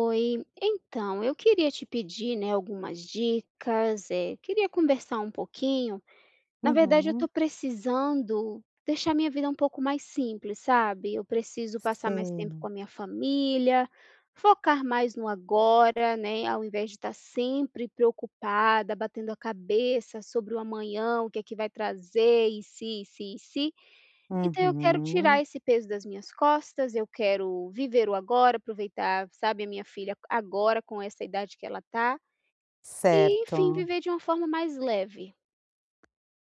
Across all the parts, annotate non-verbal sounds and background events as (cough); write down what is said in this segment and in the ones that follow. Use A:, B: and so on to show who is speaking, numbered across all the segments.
A: Oi, então eu queria te pedir, né, algumas dicas, eh, queria conversar um pouquinho. Na verdade eu estou
B: Uhum.
A: precisando deixar minha vida um pouco mais simples, sabe? Eu preciso passar mais tempo
B: Sei.
A: com a minha família, focar mais no agora, né, ao invés de estar sempre preocupada, batendo a cabeça sobre o amanhã, o que é que vai trazer, e se, e se, e se. Então, eu quero
B: Uhum.
A: tirar esse peso das minhas costas, eu quero viver o agora, aproveitar, sabe, a minha filha agora, com essa idade que ela está. E, enfim,
B: Certo.
A: viver de uma forma mais leve.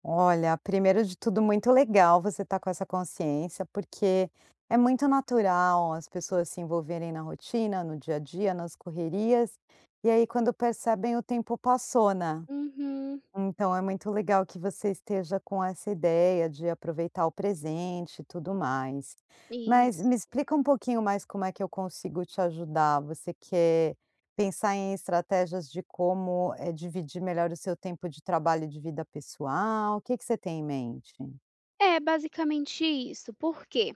B: Olha, primeiro de tudo muito legal você estar com essa consciência, porque é muito natural as pessoas se envolverem na rotina, no dia a dia, nas correrias e aí quando percebem o tempo passou, né.
A: Uhum.
B: Então, é muito legal que você esteja com essa ideia de aproveitar o presente e tudo mais. Mas
A: Isso.
B: me explica um pouquinho mais como é que eu consigo te ajudar. Você quer pensar em estratégias de como, eh, dividir melhor o seu tempo de trabalho e de vida pessoal? O que que você tem em mente?
A: É basicamente isso. Por quê?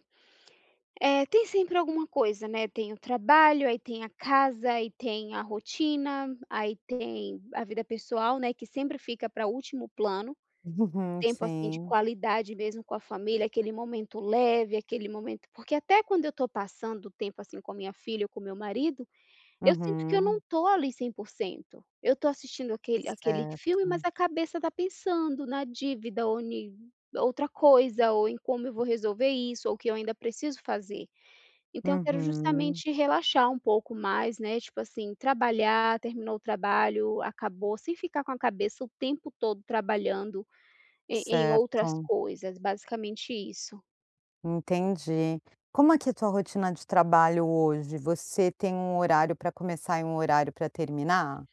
A: Eh, tem sempre alguma coisa, né? Tem o trabalho. Aí tem a casa. Aí tem a rotina. Aí tem a vida pessoal, né, que sempre fica pra último plano.
B: Uhum,
A: Tempo assim de
B: sim.
A: qualidade mesmo com a família aquele momento leve, aquele momento porque até quando eu tô passando o tempo assim com a minha filha ou com o meu marido, eu sinto que eu não
B: Uhum.
A: estou ali 100%. Eu tô assistindo aquele aquele filme, mas
B: Certo.
A: a cabeça tá pensando na dívida ou ni outra coisa. Ou em como eu vou resolver isso ou o que eu ainda preciso fazer. Então, eu quero
B: Uhum.
A: justamente relaxar um pouco mais, né. Tipo assim: Trabalhar terminou o trabalho, acabou. Sem ficar com a cabeça o tempo todo trabalhando em em outras
B: Certo.
A: coisas. Basicamente isso.
B: Entendi. Como é que a tua rotina de trabalho hoje? Você tem um horário pra começar e um horário pra terminar?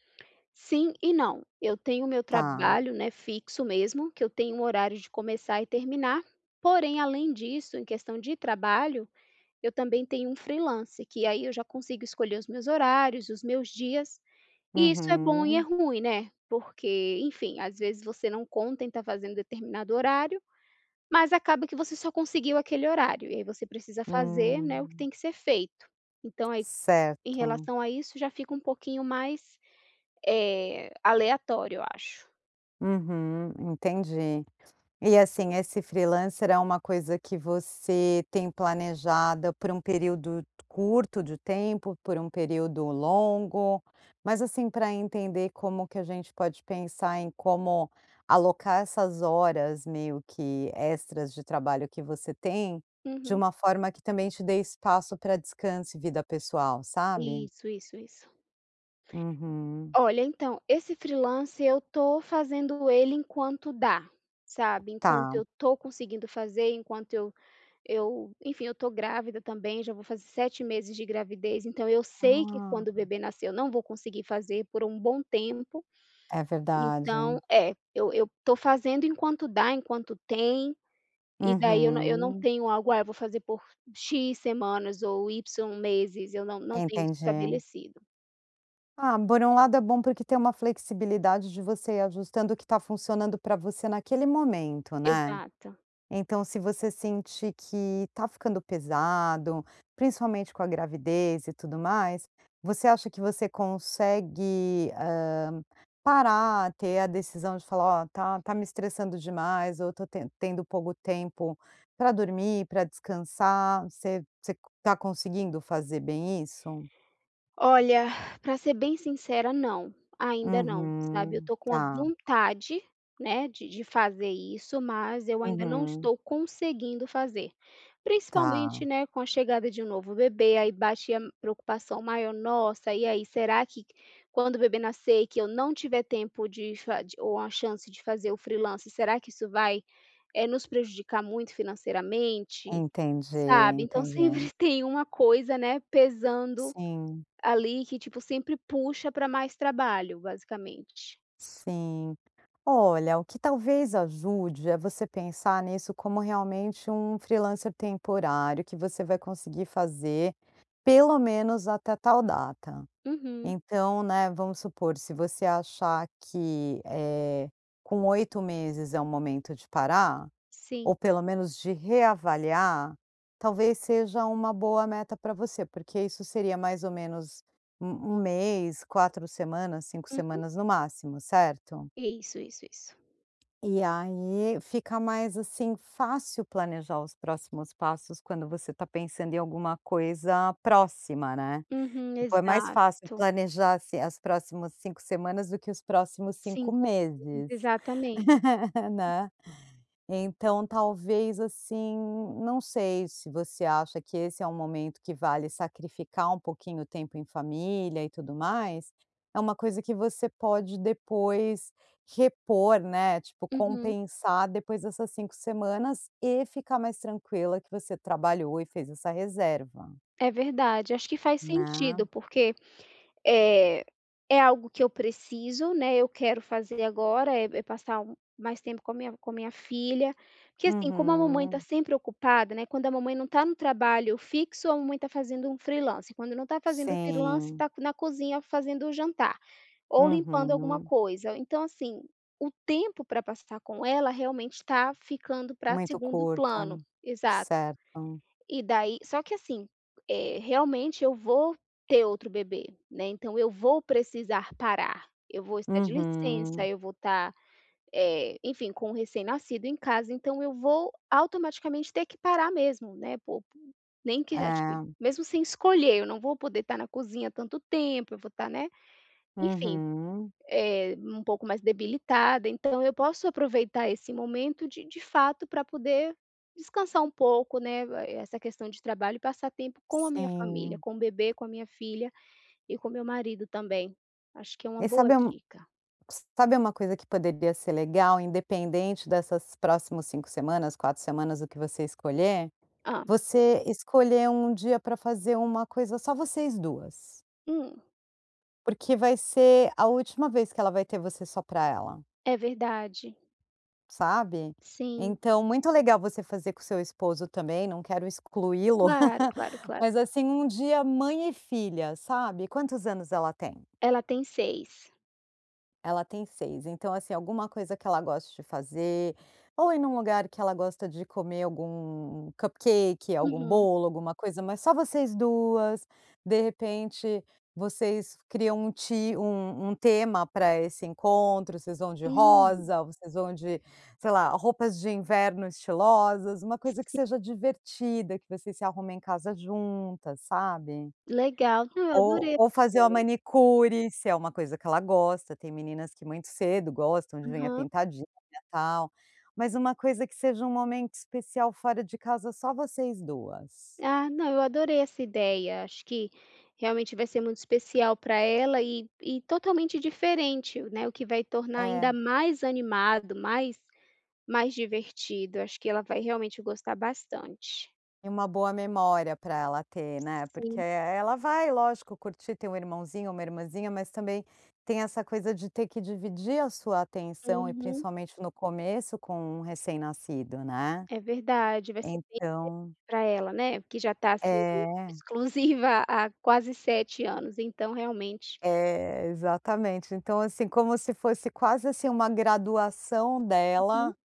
A: Sim e não. Eu tenho o meu
B: Tá.
A: trabalho, né, fixo mesmo, que eu tenho um horário de começar e terminar. Porém, além disso, em questão de trabalho, eu também tenho um freelance, que aí eu já consigo escolher os meus horários, os meus dias. E isso é bom e é
B: Uhum.
A: ruim, né, porque enfim, às vezes, você não conta em estar fazendo determinado horário, mas acaba que você só conseguiu aquele horário e aí você precisa fazer, né, o que
B: Hum.
A: tem que ser feito. Então, aí, em
B: Certo.
A: relação a isso, já fica pouquinho mais, eh, aleatório, eu acho.
B: Uhum, entendi. E, assim, esse freelancer é uma coisa que você tem planejada por um período curto de tempo, por um período longo? Mas, assim, pra entender como que a gente pode pensar em como alocar essas horas, meio que extras de trabalho que você tem, de
A: Uhum.
B: uma forma que também te dê espaço pra descanso e vida pessoal, sabe?
A: Isso, isso, isso.
B: Uhum.
A: Olha, então, esse freelancer eu tô fazendo ele enquanto dá, sabe? Enquanto
B: Tá.
A: eu tô conseguindo fazer, enquanto eu eu enfim, eu tô grávida também, já vou fazer 7 meses de gravidez, então eu
B: Ah,
A: sei que quando o
B: hum.
A: bebê nascer, eu não vou conseguir fazer por um bom tempo.
B: É
A: Então
B: verdade.
A: é, eu eu tô fazendo enquanto dá, enquanto tem. E daí eu não eu não
B: Uhum.
A: tenho algo: "Ah, eu vou fazer por X semanas ou Y meses". Eu não não tenho isso
B: Entendi.
A: estabelecido.
B: Ah, por um lado é bom, porque tem uma flexibilidade de você ir ajustando o que tá funcionando pra você naquele momento, né?
A: Exato.
B: Então, se você sentir que tá ficando pesado, principalmente com a gravidez e tudo mais, você acha que você consegue, hã, parar, ter a decisão de falar: "Ó, tá tá me estressando demais ou eu to ten tendo pouco tempo pra dormir, pra descansar"? Você você tá conseguindo fazer bem isso?
A: Olha, (exhales) pra ser bem sincera, não. Ainda não, sabe. Eu
B: Uhum,
A: tô com uma
B: tá.
A: vontade, né, de de fazer isso, mas eu ainda não
B: Uhum.
A: estou conseguindo fazer.
B: Tá.
A: Principalmente, né, com a chegada de um novo bebê, aí bate a preocupação maior: "Nossa, e aí? Será que quando o bebê nascer, que eu não tiver tempo de fa de ou a chance de fazer o freelancer, será que isso vai, eh, nos prejudicar muito financeiramente?",
B: Entendi,
A: sabe? Então
B: entendi.
A: sempre tem uma coisa, né, pesando,
B: Sim.
A: ali, que, tipo, sempre puxa pra mais trabalho, basicamente.
B: Sim. Olha, o que talvez ajude é você pensar nisso como realmente um freelancer temporário, que você vai conseguir fazer, pelo menos até tal data.
A: Uhum.
B: Então, né, vamos supor, se você achar que, eh, com 8 meses é um momento de parar,
A: Sim.
B: ou pelo menos de reavaliar, talvez seja uma boa meta pra você. Porque isso seria mais ou menos 1- 1 mês, 4 semanas, 5
A: Uhum.
B: semanas no máximo, certo?
A: Isso, isso, isso.
B: E, aí, fica mais, assim, fácil planejar os próximos passos, quando você tá pensando em alguma coisa próxima, né?
A: Uhum,
B: Depois é mais fácil
A: exato.
B: planejar, assim, as próximas 5 semanas do que os próximos 5
A: 5 meses,
B: meses,
A: exatamente.
B: (laughs)
A: Uhum.
B: né? Então, talvez, assim, não sei se você acha que esse é um momento que vale sacrificar um pouquinho o tempo em família e tudo mais. É uma coisa que você pode depois repor, né, tipo,
A: Uhum.
B: compensar depois essas 5 semanas e ficar mais tranquila que você trabalhou e fez essa reserva.
A: É verdade, acho que faz
B: Né?
A: sentido. Porque, eh, é algo que eu preciso, né, eu quero fazer agora, é é passar um mais tempo com a minha com a minha filha. Que, assim, como a mamãe tá
B: Uhum.
A: sempre ocupada, né, "quando a mamãe não tá no trabalho fixo, a mamãe tá fazendo um freelancer. Quando não tá fazendo o freelancer,
B: Sim.
A: tá na cozinha fazendo o jantar ou limpando alguma
B: Uhum.
A: coisa". Então, assim, o tempo pra passar com ela realmente tá ficando pra
B: Muito
A: segundo plano.
B: curto.
A: Exato.
B: Certo.
A: E daí só que, assim, eh, realmente eu vou ter outro bebê, né, então eu vou precisar parar, eu vou estar de licença,
B: Uhum.
A: eu vou estar, eh, enfim, com o recém-nascido em casa. Então eu vou, automaticamente, ter que parar mesmo, né, por nem que acho que
B: É.
A: mesmo sem escolher, eu não vou poder estar na cozinha tanto tempo, eu vou estar, né, enfim,
B: Uhum.
A: eh, um pouco mais debilitada, então eu posso aproveitar esse momento, de de fato pra poder descansar um pouco, né, vai essa questão de trabalho e passar tempo com a minha família,
B: Sim.
A: com o bebê, com a minha filha e com meu marido também. Acho que é uma
B: E
A: boa
B: sabe um
A: dica.
B: s sabe uma coisa que poderia ser legal, independente dessas próximos 5 semanas, 4 semanas, o que você escolher?
A: Hã.
B: Você escolher um dia pra fazer uma coisa só vocês 2.
A: Hum.
B: Porque vai ser a última vez que ela vai ter você só para ela.
A: É verdade.
B: Sabe?
A: Sim.
B: Então, muito legal você fazer com seu esposo também, não quero excluí-lo,
A: Claro, claro,
B: (laughs) mas
A: claro.
B: assim, um dia mãe e filha, sabe? Quantos anos ela tem?
A: Ela tem 6.
B: Ela tem 6. Então assim, alguma coisa que ela goste de fazer, ou ir em um lugar que ela gosta de comer algum cupcake, algum
A: Uhum.
B: bolo, alguma coisa, mas só vocês 2. De repente vocês criam um ti um um tema para esse encontro, vocês vão de
A: Hum.
B: rosa, vocês vão de, sei lá, roupas de inverno estilosas, uma coisa que
A: Si
B: seja divertida, que vocês se arrumem em casa juntas, sabe.
A: Legal. Ah,
B: Ou
A: adorei essa
B: ou fazer uma
A: ideia.
B: manicure, se é uma coisa que ela gosta, tem meninas que muito cedo gostam de unha
A: Aham.
B: pintadinha tal. Mas uma coisa que seja um momento especial fora de casa só vocês 2.
A: Ah, não, eu adorei essa ideia. Acho que realmente vai ser muito especial para ela e e totalmente diferente o né. O que vai tornar ainda
B: É.
A: mais animado, mais mais divertido. Acho que ela vai realmente gostar bastante.
B: E uma boa memória para ela ter, né, porque,
A: Sim.
B: eh, ela vai, lógico, curtir, ter um irmãozinho, uma irmãzinha, mas também tem essa coisa de ter que dividir a sua atenção e
A: Uhum.
B: principalmente no começo com um recém-nascido, né.
A: É verdade, vai ser difícil
B: Então
A: para ela, né. Porque já está sendo
B: É.
A: exclusiva há quase 7 anos, então realmente
B: É, exatamente, então, assim, como se fosse quase, assim, uma graduação
A: Uhum.
B: dela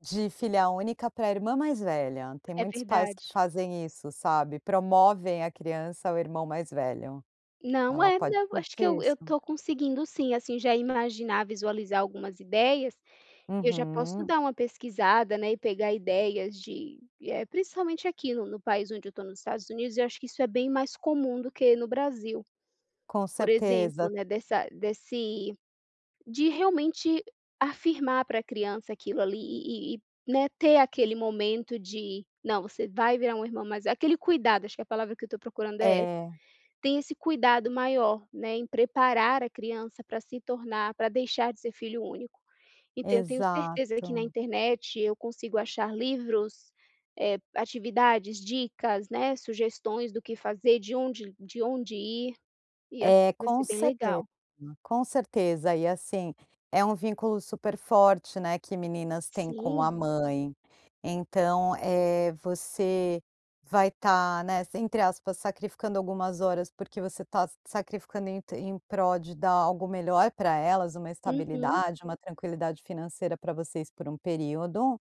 B: de filha única para irmã mais velha, tem
A: É
B: muitos pais que
A: verdade.
B: fazem isso, sabe, promovem a criança ao irmão mais velho.
A: Não,
B: Ela
A: é,
B: pode
A: não eu acho que
B: curtir
A: eu eu
B: isso.
A: estou conseguindo sim, assim, já imaginar visualizar algumas ideias. Eu já posso
B: Uhum.
A: dar uma pesquisada, né, e pegar ideias de, eh, principalmente aqui no no país onde eu estou, nos Estados Unidos e eu acho que isso é bem mais comum do que no Brasil.
B: Com
A: Por
B: certeza.
A: exemplo, né, dessa desse de realmente afirmar para a criança aquilo ali e e e, né, ter aquele momento de "não você vai virar irmão mais velho" aquele cuidado acho que a palavra que eu estou procurando é essa.
B: É.
A: Tem esse cuidado maior, né, em preparar a criança para se tornar para deixar de ser filho único. Então eu tenho certeza que na
B: Exato.
A: internet eu consigo achar livros, eh, atividades, dicas, né, sugestões do que fazer de onde de onde ir. E, é,
B: É,
A: vai
B: com
A: ser bem
B: certeza,
A: legal.
B: com certeza e assim, é um vínculo super forte, né, que meninas têm com a
A: Sim.
B: mãe, então, eh, você vai estar, né, entre aspas sacrificando algumas horas porque você está sacrificando em em prol de dar algo melhor para elas, uma
A: Uhum.
B: estabilidade, uma tranquilidade financeira para vocês por um período.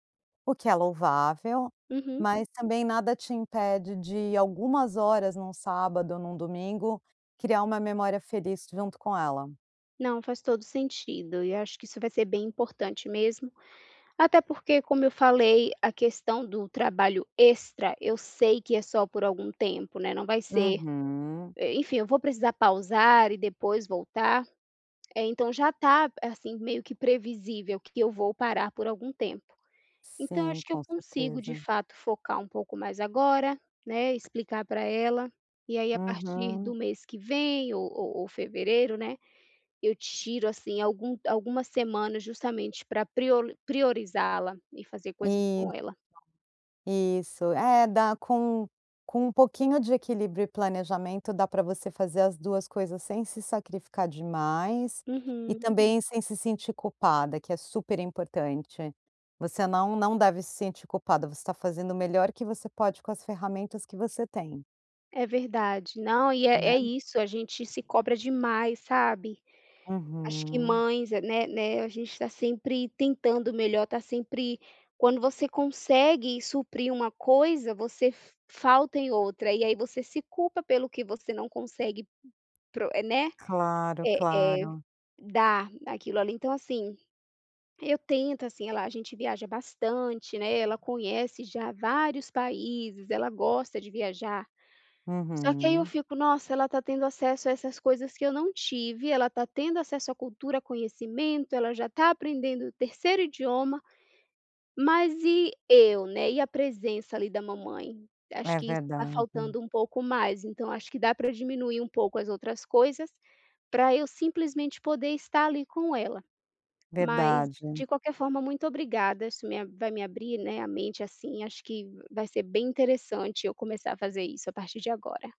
B: O que é louvável,
A: Uhum.
B: mas também nada te impede de em algumas horas num sábado ou num domingo criar uma memória feliz junto com ela.
A: Não, faz todo o sentido e acho que isso vai ser bem importante mesmo. Até porque como eu falei, a questão do trabalho extra, eu sei que é só por algum tempo, né, não vai ser
B: Uhum.
A: eh, enfim, eu vou precisar pausar e depois voltar. Eh, então já está assim meio que previsível que eu vou parar por algum tempo. Então
B: Sim,
A: acho que eu
B: com
A: consigo de
B: certeza.
A: fato focar pouco mais agora, né, explicar para ela, e aí a partir
B: Uhum.
A: do mês que vem ou ou ou fevereiro, né, eu tiro assim algum algumas semanas justamente para prioli priorizá-la, e fazer coisas com
B: Isso,
A: ela.
B: isso, é dá com com um pouquinho de equilíbrio e planejamento dá para você fazer as 2 coisas sem se sacrificar demais e
A: Uhum.
B: também sem se sentir culpada, que é super importante. Você não não deve se sentir culpada, você está fazendo o melhor que você pode com as ferramentas que você tem.
A: É verdade, não, e é é
B: Né.
A: isso: a gente se cobra demais, sabe. Acho que
B: Uhum.
A: mães, né né, a gente está sempre tentando o melhor, está sempre quando você consegue suprir uma coisa, você f falta em outra e aí você se culpa pelo que você não consegue pro eh, né.
B: Claro,
A: É é,
B: claro.
A: dar aquilo ali. Então assim, eu tento, assim ah lá, a gente viaja bastante, né, ela conhece já vários países, ela gosta de viajar. Só que aí eu
B: Uhum.
A: fico: nossa ela está tendo acesso a essas coisas que eu não tive, ela está tendo acesso à cultura, conhecimento, ela já está aprendendo o terceiro idioma, mas e eu, né? E a presença ali da mamãe? Acho
B: É
A: que isso está
B: verdade.
A: faltando um pouco mais. Então, acho que dá pra diminuir um pouco as outras coisas, pra eu simplesmente poder estar ali com ela. Mas,
B: Verdade.
A: de qualquer forma, muito obrigada, isso me vai me abrir, né, a mente, assim, acho que vai ser bem interessante eu começar a fazer isso a partir de agora.